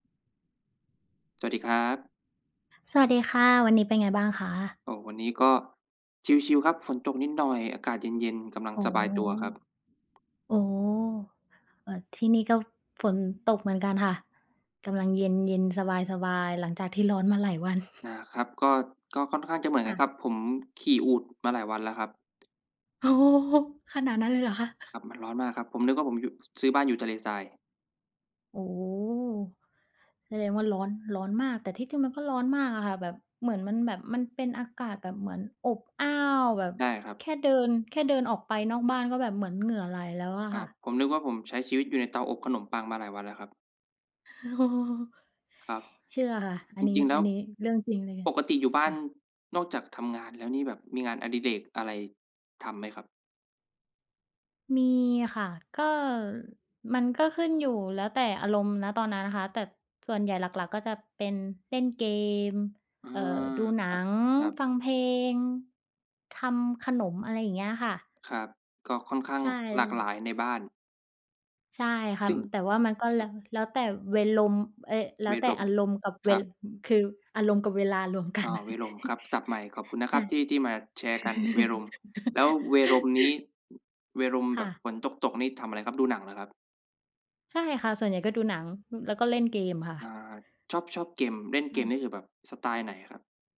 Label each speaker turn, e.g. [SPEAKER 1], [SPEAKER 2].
[SPEAKER 1] สวัสดีครับ
[SPEAKER 2] สวัสดีค่ะ วันนี้เป็นไงบ้างคะ?
[SPEAKER 1] โอ้! วันนี้ก็ชิลล์ ๆ ครับ ฝนตกนิดหน่อย อากาศเย็น ๆ กำลัง
[SPEAKER 2] อ๋อ
[SPEAKER 1] สบายตัวครับ
[SPEAKER 2] อ๋อ เออ ที่นี่ก็ฝนตกเหมือนกันค่ะ กำลังเย็น ๆ สบาย ๆ หลังจากที่ร้อนมาหลายวัน
[SPEAKER 1] อา ครับ ก็ ก็ค่อนข้างจะเหมือน
[SPEAKER 2] ค
[SPEAKER 1] กั
[SPEAKER 2] ่
[SPEAKER 1] น
[SPEAKER 2] ะ
[SPEAKER 1] ครับ ผมขี่อูฐมาหลายวันแล้วครับ
[SPEAKER 2] โอ้โฮ! ขนาดนั้นเลยเหรอคะ?
[SPEAKER 1] ครับ มันร้อนมากครับ ผมนึกว่าผมอยู่ ซื้อบ้านอยู่ทะเลทราย
[SPEAKER 2] โอ้โฮ! แสดงว่าร้อน ร้อนมาก แต่ที่จริงมันก็ร้อนมากอะค่ะ แบบ เหมือนมันแบบ มันเป็นอากาศแบบเหมือนอบอ้าวแบบ
[SPEAKER 1] ใช่ครับ
[SPEAKER 2] แค่เดิน แค่เดินออกไปนอกบ้านก็แบบเหมือนเหงื่อไหลแล้วอะ
[SPEAKER 1] คร
[SPEAKER 2] ค
[SPEAKER 1] ั
[SPEAKER 2] ่ะ
[SPEAKER 1] บ ผมนึกว่าผมใช้ชีวิตอยู่ในเตาอบขนมปังมาหลายวันแล้วครับ ครับ
[SPEAKER 2] เชื่อค่ะ อั
[SPEAKER 1] จ
[SPEAKER 2] นนี้
[SPEAKER 1] ริง ๆ แล
[SPEAKER 2] อ
[SPEAKER 1] ้
[SPEAKER 2] ั
[SPEAKER 1] ว
[SPEAKER 2] นนี้เรื่องจริงเลย
[SPEAKER 1] ปกติอยู่บ้
[SPEAKER 2] ค
[SPEAKER 1] า
[SPEAKER 2] ่
[SPEAKER 1] น
[SPEAKER 2] ะ
[SPEAKER 1] นอกจากทำงานแล้วนี่ แบบมีงานอดิเรกอะไรทำไหมครับ?
[SPEAKER 2] มีค่ะ ก็ มันก็ขึ้นอยู่แล้วแต่อารมณ์ ณ ตอนนั้นน่ะค่ะ แต่ส่วนใหญ่หลัก ๆ ก็จะเป็นเล่นเกม
[SPEAKER 1] อื
[SPEAKER 2] เอ่อ
[SPEAKER 1] อ
[SPEAKER 2] ดูหนั
[SPEAKER 1] ค
[SPEAKER 2] ง
[SPEAKER 1] รับ
[SPEAKER 2] ฟังเพล
[SPEAKER 1] ๆ
[SPEAKER 2] ง ทำขนม อะไรอย่างเงี้ยค่ะ
[SPEAKER 1] ครับ ก็ค่อนข้า
[SPEAKER 2] ใช
[SPEAKER 1] ง
[SPEAKER 2] ่
[SPEAKER 1] หลากหลายในบ้าน
[SPEAKER 2] ใช่ค่ะ
[SPEAKER 1] จึ้ง
[SPEAKER 2] แต่ว่ามันก็
[SPEAKER 1] ค
[SPEAKER 2] แล
[SPEAKER 1] ร
[SPEAKER 2] ้
[SPEAKER 1] ับ
[SPEAKER 2] ว แล้วแต่เวรม เอ๊ย! แล้
[SPEAKER 1] เว
[SPEAKER 2] วแต่
[SPEAKER 1] รม
[SPEAKER 2] อารมณ์กับเ
[SPEAKER 1] ค
[SPEAKER 2] ว
[SPEAKER 1] รับ
[SPEAKER 2] คืออารมณ์กับเวลารวมกั
[SPEAKER 1] อ้
[SPEAKER 2] น
[SPEAKER 1] อ เวรมครับ ศัพท์ใหม่ ขอบคุณนะ
[SPEAKER 2] ใ
[SPEAKER 1] ค
[SPEAKER 2] ช
[SPEAKER 1] ร
[SPEAKER 2] ่
[SPEAKER 1] ับที่ ที่มาแชร์กัน เวรม แล้วเวรมนี้ เวรม
[SPEAKER 2] ค
[SPEAKER 1] แบ
[SPEAKER 2] ่
[SPEAKER 1] บ
[SPEAKER 2] ะ
[SPEAKER 1] ฝนตก ๆ นี่ ทำอะไรครับ ดูหนังเหรอครับ?
[SPEAKER 2] ใช่ค่ะ ส่วนใหญ่ก็ดูหนัง อ แล้วก็เล่นเกมค่
[SPEAKER 1] อา
[SPEAKER 2] ะ
[SPEAKER 1] ชอบ ชอบเกม เล่นเก
[SPEAKER 2] อ
[SPEAKER 1] ม
[SPEAKER 2] า
[SPEAKER 1] นี่ คือแบบสไตล์ไหนครับ?